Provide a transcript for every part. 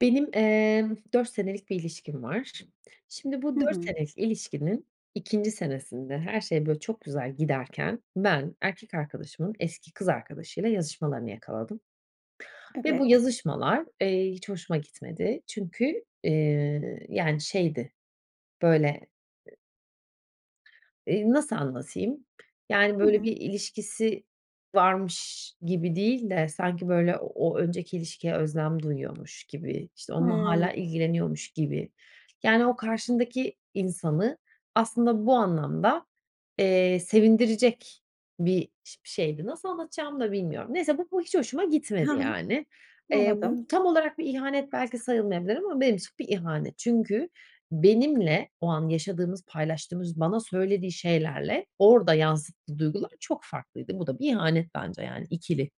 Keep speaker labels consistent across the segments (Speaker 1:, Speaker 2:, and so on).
Speaker 1: Benim, ııı, 4 senelik bir ilişkim var. Şimdi bu
Speaker 2: Hı
Speaker 1: 4
Speaker 2: hı.
Speaker 1: senelik ilişkinin 2'nci senesinde her şey böyle çok güzel giderken ben erkek arkadaşımın eski kız arkadaşıyla yazışmalarını yakaladım ve bu
Speaker 2: Evet.
Speaker 1: yazışmalar, iii, hiç hoşuma gitmedi. Çünkü, ııı, yani şeydi böyle, ııı, nasıl anlatayım, yani,
Speaker 2: Hı
Speaker 1: böyle
Speaker 2: hı.
Speaker 1: bir ilişkisi varmış gibi değil de sanki böyle o önceki ilişkiye özlem duyuyormuş gibi, işte, onunla
Speaker 2: Hıı.
Speaker 1: hâlâ ilgileniyormuş gibi. Yani, o karşındaki insanı aslında bu anlamda, eee, sevindirecek bir şe şeydi. Nasıl anlatacağımı da bilmiyorum. Neyse bu ho hiç hoşuma
Speaker 2: Hı
Speaker 1: gitmedi,
Speaker 2: hı.
Speaker 1: yani. Eee, bu
Speaker 2: Anladım.
Speaker 1: tam olarak bir ihanet belki sayılmayabilir ama benim için bir ihanet. Çünkü benimle o an yaşadığımız, paylaştığımız, bana söylediği şeylerle orada yansıttığı duygular çok farklıydı. Bu da bir ihanet bence yani ikili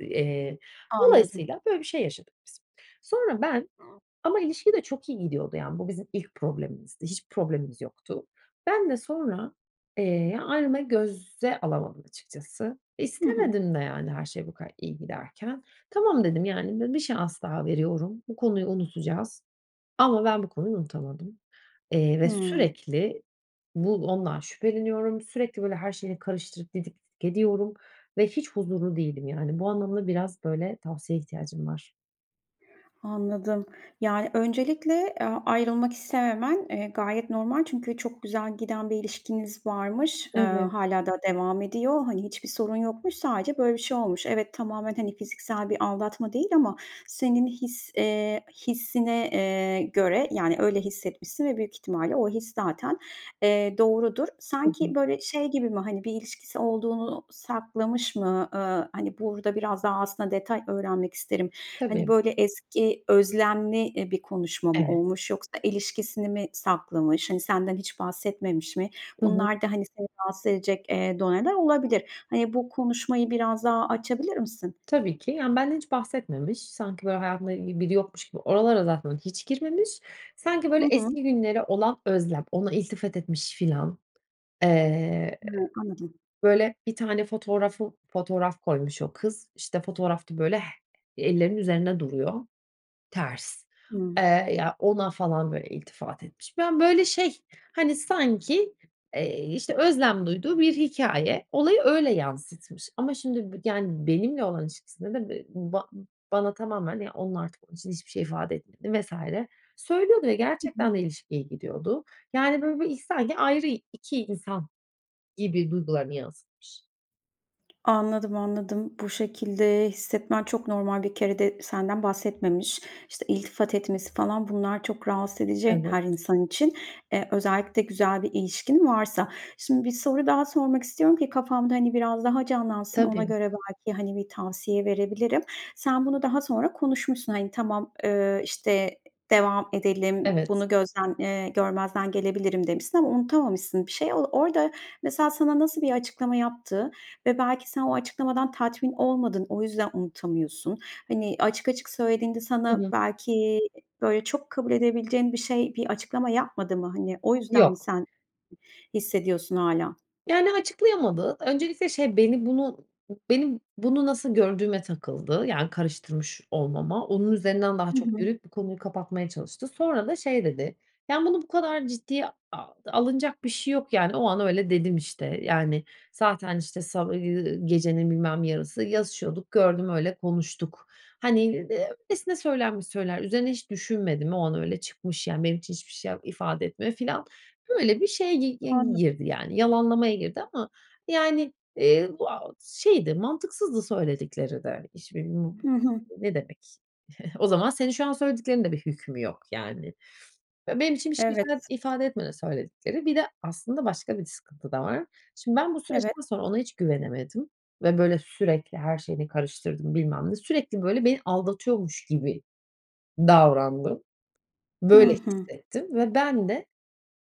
Speaker 1: Eee,
Speaker 2: Anladım.
Speaker 1: dolayısıyla, böyle bir şey yaşadık biz. Sonra ben
Speaker 2: [unintelligible]
Speaker 1: ama ilişki de çok iyi gidiyordu, yani bu bizim ilk problemimizdi, hiçbir problemimiz yoktu. Ben de sonra, eee, ayrılmayı göze alamadım açıkçası.
Speaker 2: Hı hı.
Speaker 1: İstemedim de yani her şey bu kadar iyi giderken. "Tamam." dedim "Yani, bir şans daha veriyorum, bu konuyu unutacağız." Ama ben bu konuyu unutamadım. İii, ve
Speaker 2: Hımm.
Speaker 1: sürekli bu ondan şüpheleniyorum, sürekli böyle her şeyini karıştırıp didik didik ediyorum ve hiç huzurlu değilim, yani. Bu anlamda biraz, böyle, tavsiyeye ihtiyacım var.
Speaker 2: Anladım. Yani, öncelikle a ayrılmak istememen, eee, gayet normal. Çünkü çok güzel giden bir ilişkiniz varmış, ııı,
Speaker 1: Evet.
Speaker 2: hâlâ da devam ediyor. Hani, hiçbir sorun yokmuş, sadece böyle bir şey olmuş. Evet, tamamen, hani, fiziksel bir aldatma değil ama senin his eee, hissine, eee, göre, yani, öyle hissetmişsin ve büyük ihtimalle o his zaten, eee, doğrudur.
Speaker 1: Hı hı.
Speaker 2: Sanki böyle şey gibi mi hani bir ilişkisi olduğunu saklamış mı, ııı, hani, burada biraz daha aslında detay öğrenmek isterim. Hani,
Speaker 1: Tabii.
Speaker 2: böyle, eski özlemli, eee, bir konuşma mı
Speaker 1: Evet.
Speaker 2: olmuş yoksa ilişkisini mi saklamış? Hani, senden hiç bahsetmemiş mi?
Speaker 1: Hı hı.
Speaker 2: Bunlar da, hani, seni rahatsız edecek, eee, doneler olabilir. Hani, bu konuşmayı biraz daha açabilir misin?
Speaker 1: Tabii ki, yani, benden hiç bahsetmemiş, sanki böyle hayatında ilgi biri yokmuş gibi oralara zaten hiç girmemiş. Sanki
Speaker 2: Hı
Speaker 1: böyle
Speaker 2: hı.
Speaker 1: eski günlere olan özlem, ona iltifat etmiş filan. Eee,
Speaker 2: Hıı, anladım.
Speaker 1: böyle bir tane fotoğrafı fotoğraf koymuş o kız, işte, fotoğrafta böyle h ellerinin üzerinde duruyor, ters.
Speaker 2: Hımm.
Speaker 1: Eee, ya ona falan böyle iltifat etmiş. Ben böyle şey, hani, sanki, eee, işte, özlem duyduğu bir hikâye olayı öyle yansıtmış ama şimdi bü yani, benimle olan ilişkisinde de b ba bana tamamen, ya, onunla artık onun için hiçbir şey ifade etmediğini vs. söylüyordu ve
Speaker 2: Hı hı.
Speaker 1: gerçekten de ilişki iyi gidiyordu. Yani, böyle bir, iii, sanki ayrı 2 insan gibi duygularını yansıtmış.
Speaker 2: Anladım, anladım. Bu şekilde hissetmen çok normal. Bir kere de senden bahsetmemiş. İşte, iltifat etmesi falan, bunlar çok rahatsız edici
Speaker 1: Evet.
Speaker 2: her insan için. E, özellikle güzel bir ilişkin varsa. Şimdi, bir soru daha sormak istiyorum ki kafamda, hani, biraz daha canlansın, ona
Speaker 1: Tabii.
Speaker 2: göre belki, hani, bir tavsiye verebilirim. Sen bunu daha sonra konuşmuşsun, hani, “Tamam, eee, işte, devam edelim,
Speaker 1: Evet.
Speaker 2: bunu gözden eee, görmezden gelebilirim.” demişsin ama unutamamışsın bir şey. O, orada, mesela, sana nasıl bir açıklama yaptı ve belki sen o açıklamadan tatmin olmadın, o yüzden unutamıyorsun. Hani, açık açık söylediğinde
Speaker 1: Hı
Speaker 2: sana
Speaker 1: hı.
Speaker 2: belki böyle çok kabul edebileceğin bir şey, bir açıklama yapmadı mı? Hani, o yüzden mi
Speaker 1: Yok.
Speaker 2: sen hissediyorsun hâlâ?
Speaker 1: Yani, açıklayamadı. Öncelikle, şey, beni bunu benim bunu, nasıl gördüğüme takıldı, yani, karıştırmış olmama. Onun üzerinden daha
Speaker 2: Hı
Speaker 1: çok
Speaker 2: hı.
Speaker 1: yürüyüp bu konuyu kapatmaya çalıştı. Sonra da şey dedi: “Yani, bunu bu kadar ciddiye a alınacak bir şeyi yok. Yani, o an öyle dedim, işte. Yani, zaten, işte, sa ııı, gecenin bilmem yarısı yazışıyorduk, gördüm, öyle konuştuk. Hani, eee, [unintelligible] öylesine söylenmiş sözler, üzerine hiç düşünmedim. O an öyle çıkmış, yani, benim için hiçbir şey yap ifade etmiyor.” filan. Böyle bir şeye gi gi
Speaker 2: Anladım.
Speaker 1: girdi, yani, yalanlamaya girdi ama yani, eee, bu, aaa, şeydi, mantıksızdı söyledikleri de. [unintelligible]
Speaker 2: Hı hı.
Speaker 1: Ne demek? O zaman senin şu an söylediklerinin de bir hükmü yok, yani. Benim için bir şey ifa
Speaker 2: Evet.
Speaker 1: ifade etmedi söyledikleri. Bir de aslında başka bir sıkıntı da var. Şimdi, ben bu
Speaker 2: Evet.
Speaker 1: süreçten sonra ona hiç güvenemedim ve böyle sürekli her şeyini karıştırdım, bilmem ne. Sürekli böyle beni aldatıyormuş gibi davrandım,
Speaker 2: Hı
Speaker 1: böyle
Speaker 2: hı.
Speaker 1: hissettim ve ben de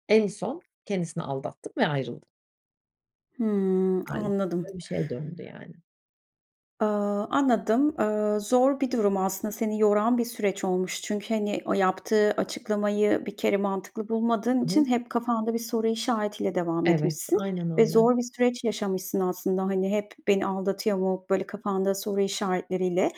Speaker 1: en son kendisini aldattım ve ayrıldım.
Speaker 2: Hıı,
Speaker 1: [unintelligible]
Speaker 2: anladım.
Speaker 1: Öyle bir şeye döndü, yani.
Speaker 2: Aaa, anladım. Aaa, zor bir durum aslında. Seni yoran bir süreç olmuş çünkü, hani, o yaptığı açıklamayı bir kere mantıklı bulmadığın
Speaker 1: Hı
Speaker 2: için
Speaker 1: hı.
Speaker 2: hep kafanda bir soru işaretiyle devam
Speaker 1: Evet.
Speaker 2: etmişsin.
Speaker 1: Aynen
Speaker 2: Ve
Speaker 1: öyle.
Speaker 2: zor bir süreç yaşamışsın aslında, hani, hep beni aldatıyor mu, böyle kafanda soru işaretleriyle.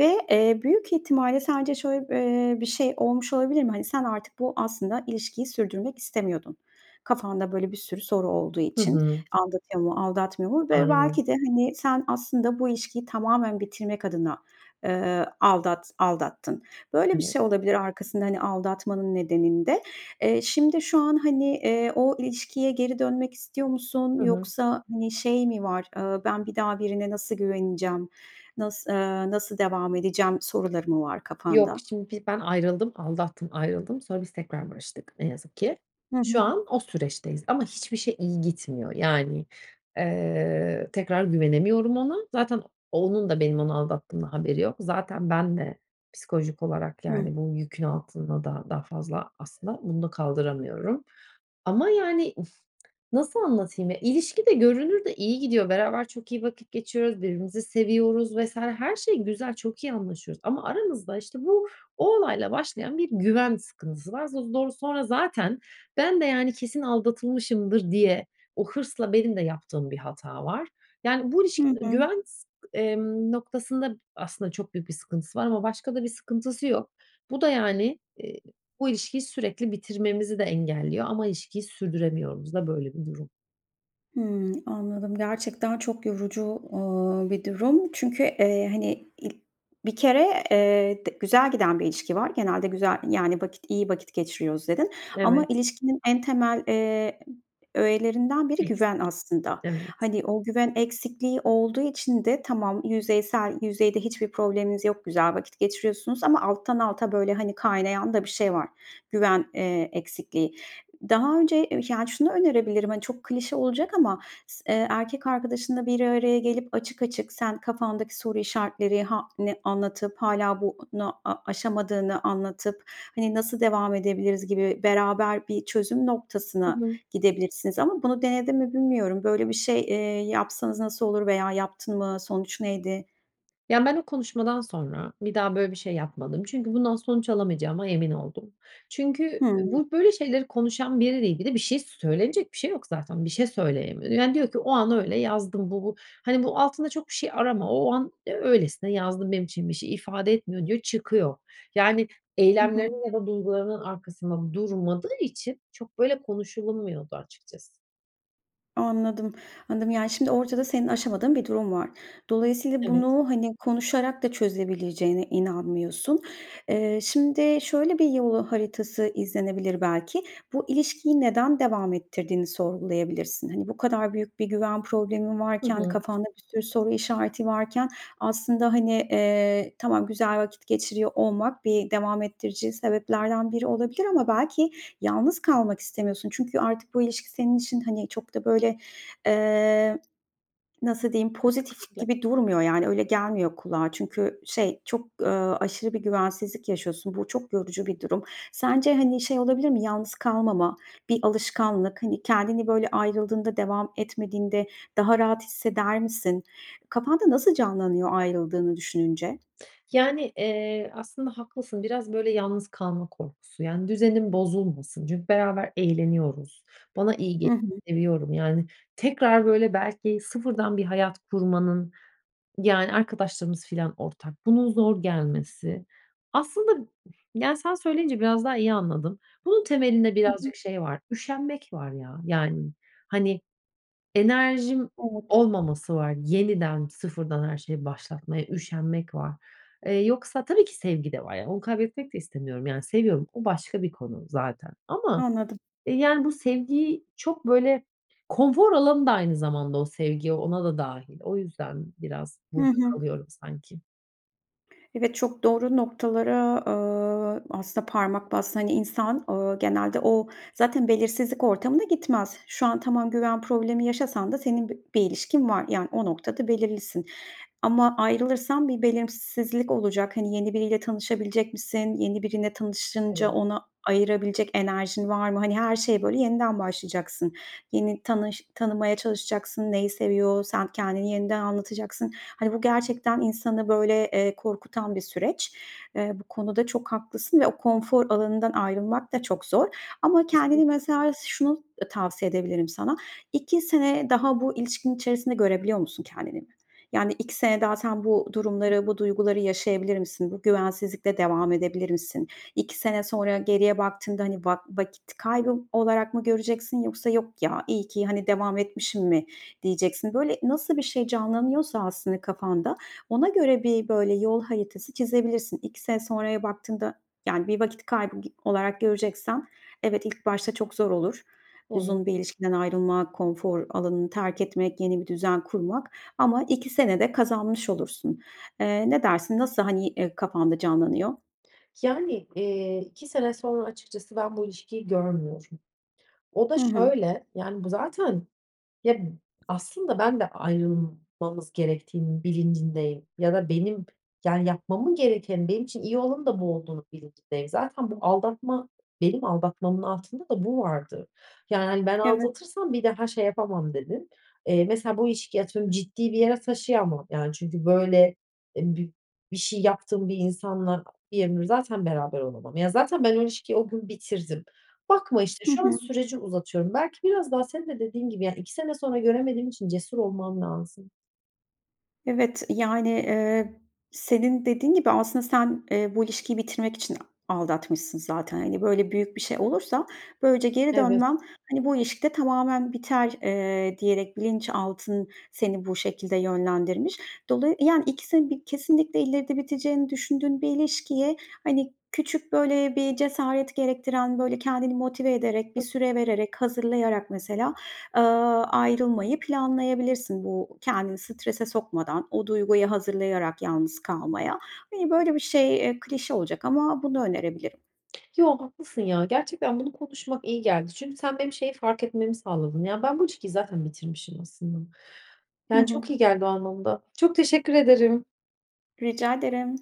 Speaker 2: Ve, eee, büyük ihtimalle sence şöyle b eee, bir şey olmuş olabilir mi? Hani, sen artık bu aslında ilişkiyi sürdürmek istemiyordun. Kafanda böyle bir sürü soru olduğu
Speaker 1: Hı
Speaker 2: için,
Speaker 1: hı.
Speaker 2: aldatıyor mu, aldatmıyor mu? Ve
Speaker 1: Aynen.
Speaker 2: belki de, hani, sen aslında bu ilişkiyi tamamen bitirmek adına, eee, aldat aldattın. Böyle bir
Speaker 1: Evet.
Speaker 2: şey olabilir arkasında, hani, aldatmanın nedeninde. Eee, şimdi şu an, hani, eee, o ilişkiye geri dönmek istiyor musun,
Speaker 1: Hı hı.
Speaker 2: yoksa, hani, şey mi var, eee, ben bir daha birine nasıl güveneceğim, nas eee, nasıl devam edeceğim soruları mı var
Speaker 1: Yok,
Speaker 2: kafanda?
Speaker 1: şimdi, biz ben ayrıldım. Aldattım, ayrıldım. Sonra biz tekrar barıştık ne yazık ki.
Speaker 2: Hı
Speaker 1: Şu
Speaker 2: hı.
Speaker 1: an o süreçteyiz ama hiçbir şey iyi gitmiyor. Yani, eee, tekrar güvenemiyorum ona. Zaten onun da benim onu aldattığımdan haberi yok. Zaten ben de psikolojik olarak,
Speaker 2: Hıı
Speaker 1: yani, bu yükün altında da daha fazla aslında bunu da kaldıramıyorum ama, yani, nasıl anlatayım, ya, ilişki de görünürde iyi gidiyor. Beraber çok iyi vakit geçiriyoruz, birbirimizi seviyoruz vs. her şey güzel, çok iyi anlaşıyoruz ama aramızda, işte, bu, o olayla başlayan bir güven sıkıntısı var. [unintelligible] Sonra zaten ben de, yani, kesin aldatılmışımdır diye o hırsla benim de yaptığım bir hata var. Yani, bu
Speaker 2: Hı
Speaker 1: ilişkide
Speaker 2: hı.
Speaker 1: güven, s emm, noktasında aslında çok büyük bir sıkıntısı var ama başka da bir sıkıntısı yok. Bu da, yani, eee, bu ilişkiyi sürekli bitirmemizi de engelliyor ama ilişkiyi sürdüremiyoruz da. Böyle bir durum.
Speaker 2: Hıı, anladım. Gerçekten çok yorucu, ııı, bir durum. Çünkü, eee, hani, ilk bir kere, eee, de güzel giden bir ilişki var. Genelde güzel yani, vakit iyi vakit geçiriyoruz dedin. Ama
Speaker 1: Evet.
Speaker 2: ilişkinin en temel, eee, öğelerinden biri güven
Speaker 1: Eksik.
Speaker 2: aslında.
Speaker 1: Evet.
Speaker 2: Hani, o güven eksikliği olduğu için de tamam, yüzeysel yüzeyde hiçbir probleminiz yok, güzel vakit geçiriyorsunuz ama alttan alta böyle, hani, kaynayan da bir şey var, güven, eee, eksikliği. Daha önce, eee, yani, şunu önerebilirim, hani, çok klişe olacak ama s eee, erkek arkadaşınla bir araya gelip açık açık sen kafandaki soru işaretleri ha ne anlatıp hâlâ bunu a aşamadığını anlatıp, hani, nasıl devam edebiliriz gibi beraber bir çözüm
Speaker 1: Hı
Speaker 2: noktasına
Speaker 1: hı.
Speaker 2: gidebilirsiniz ama bunu denedin mi bilmiyorum. Böyle bir şey, eee, yapsanız nasıl olur veya yaptın mı, sonuç neydi?
Speaker 1: Ya, ben o konuşmadan sonra, bir daha böyle bir şey yapmadım. Çünkü bundan sonuç alamayacağıma emin oldum. Çünkü, eee,
Speaker 2: Hımm.
Speaker 1: bu, böyle, şeyleri konuşan biriyle ilgili bir şey, söylenecek bir şey yok zaten bir şey söyleyemiyor. Yani, diyor ki o an öyle yazdım bu bu Hani, bu altında çok bir şey arama, o an, eee, öylesine yazdım benim için bir şey ifade etmiyor diyor çıkıyor. Yani,
Speaker 2: Hı hı.
Speaker 1: eylemlerinin ya da duygularının arkasında durmadığı için çok böyle, konuşulmuyordu açıkçası.
Speaker 2: Anladım. Anladım, yani, şimdi ortada senin aşamadığın bir durum var. Dolayısıyla
Speaker 1: Evet.
Speaker 2: bunu, hani, konuşarak da çözebileceğine inanmıyorsun. Eee, şimdi, şöyle bir yol haritası izlenebilir belki. Bu ilişkiyi neden devam ettirdiğini sorgulayabilirsin. Hani, bu kadar büyük bir güven problemin
Speaker 1: Hı
Speaker 2: varken,
Speaker 1: hı.
Speaker 2: kafanda bir sürü soru işareti varken. Aslında, hani, eee, tamam, güzel vakit geçiriyor olmak bir devam ettirici sebeplerden biri olabilir ama belki yalnız kalmak istemiyorsun. Çünkü artık bu ilişki senin için, hani, çok da, böyle, eee, nasıl diyeyim, pozitif
Speaker 1: [unintelligible]
Speaker 2: gibi durmuyor, yani, öyle gelmiyor kulağa. Çünkü şey çok, eee, aşırı bir güvensizlik yaşıyorsun. Bu çok yorucu bir durum. Sence, hani, şey olabilir mi yalnız kalmama, bir alışkanlık. Hani, kendini böyle, ayrıldığında devam etmediğinde daha rahat hisseder misin? Kafanda nasıl canlanıyor ayrıldığını düşününce?
Speaker 1: Yani, eee, aslında haklısın, biraz böyle, yalnız kalma korkusu. Yani, düzenim bozulmasın. Çünkü beraber eğleniyoruz. Bana
Speaker 2: Hı
Speaker 1: iyi
Speaker 2: hı.
Speaker 1: [unintelligible] seviyorum yani. Tekrar böyle, belki sıfırdan bir hayat kurmanın, yani, arkadaşlarımız filan ortak, bunun zor gelmesi. Aslında, yani, sen söyleyince biraz daha iyi anladım. Bunun temelinde,
Speaker 2: Hı hı.
Speaker 1: birazcık şey var üşenmek var ya. Yani, hani, enerjim
Speaker 2: Evet.
Speaker 1: olmaması var. Yeniden, sıfırdan her şeyi başlatmaya üşenmek var. Eee, yoksa tabii ki sevgi de var. Yani, onu kaybetmek de istemiyorum, yani, seviyorum. O başka bir konu zaten ama,
Speaker 2: Anladım.
Speaker 1: eee, yani, bu sevgiyi çok, böyle, konfor alanı da aynı zamanda o sevgi ona da dâhil. O yüzden biraz
Speaker 2: Hı
Speaker 1: burada
Speaker 2: hı.
Speaker 1: kalıyorum sanki.
Speaker 2: Evet çok doğru noktalara, eee, aslında parmak bastın. Hani, insan, eee, genelde o zaten belirsizlik ortamına gitmez. Şu an tamam güven problemi yaşasan da senin b bir ilişkin var. Yani, o noktada belirlisin ama ayrılırsan bir belirsizlik olacak. Hani, yeni biriyle tanışabilecek misin? Yeni biriyle tanışınca,
Speaker 1: Evet.
Speaker 2: ona ayırabilecek enerjin var mı? Hani, her şeye, böyle, yeniden başlayacaksın. Yeni tanış tanımaya çalışacaksın, neyi seviyor, sen kendini yeniden anlatacaksın. Hani, bu gerçekten insanı, böyle, eee, korkutan bir süreç. Eee, bu konuda çok haklısın ve o konfor alanından ayrılmak da çok zor. Ama kendini
Speaker 1: Kesinlikle.
Speaker 2: mesela, şunu tavsiye edebilirim sana. 2 sene daha bu ilişkinin içerisinde görebiliyor musun kendini? Yani, 2 sene zaten bu
Speaker 1: Hı hı.
Speaker 2: durumları, bu duyguları yaşayabilir misin? Bu güvensizlikle devam edebilir misin? 2 sene sonra geriye baktığında, hani, va vakit kaybı olarak mı göreceksin yoksa: "Yok ya, iyi ki, hani, devam etmişim." mi diyeceksin? Böyle, nasıl bir şey canlanıyorsa aslında kafanda ona göre bir, böyle, yol haritası çizebilirsin. 2 sene sonraya baktığında, yani, bir vakit kaybı olarak göreceksen Evet ilk başta çok zor olur.
Speaker 1: Evet.
Speaker 2: Uzun bir ilişkiden ayrılma, konfor alanını terk etmek, yeni bir düzen kurmak ama 2 sene de kazanmış olursun. Eee, ne dersin? Nasıl, hani, eee, kafanda canlanıyor?
Speaker 1: Yani, eee, 2 sene sonra açıkçası ben bu ilişkiyi görmüyorum. O da
Speaker 2: Hı hı.
Speaker 1: şöyle, yani, bu zaten, ya, aslında ben de ayrılmamız gerektiğinin bilincindeyim ya da benim, yani, yapmamın gerekeni benim için iyi olanın da bu olduğunun bilincindeyim. Zaten bu aldatma, benim aldatmamın altında da bu vardı. Yani, hani, ben
Speaker 2: Evet.
Speaker 1: aldatırsam bir daha şey yapamam dedim. Eee, mesela, bu ilişkiyi atıyorum, ciddi bir yere taşıyamam, yani, çünkü, böyle, eb bir şey yaptığım bir insanla zaten beraber olamam. Ya, zaten ben o ilişkiyi o gün bitirdim. Bakma işte,
Speaker 2: Hı
Speaker 1: şu an
Speaker 2: hı.
Speaker 1: süreci uzatıyorum. Belki biraz daha seni de dediğin gibi, yani, 2 sene sonra göremediğim için cesur olmam lazım.
Speaker 2: Evet, yani, eee, senin dediğin gibi aslında sen, eee, bu ilişkiyi bitirmek için aldatmışsın zaten. Hani, böyle, büyük bir şey olursa, böylece geri
Speaker 1: Evet.
Speaker 2: dönmen, hani, bu ilişkide tamamen biter, eee, diyerek bilinçaltın seni bu şekilde yönlendirmiş. Dola Yani, ikisinin bir kesinlikle ileride biteceğini düşündüğün bir ilişkiye, hani, küçük, böyle, bir cesaret gerektiren, böyle, kendini motive ederek, bir süre vererek, hazırlayarak mesela, eee, ayrılmayı planlayabilirsin. Bu, kendini strese sokmadan, o duyguyu hazırlayarak yalnız kalmaya. Hani, böyle bir şey, eee, klişe olacak ama bunu önerebilirim.
Speaker 1: Yo, haklısın, ya, gerçekten bunu konuşmak iyi geldi. Çünkü sen benim şeyi fark etmemi sağladın. Ya, ben bu ilişkiyi zaten bitirmişim aslında.
Speaker 2: Hı
Speaker 1: Yani,
Speaker 2: hı.
Speaker 1: çok iyi geldi o anlamda. Çok teşekkür ederim.
Speaker 2: Rica ederim.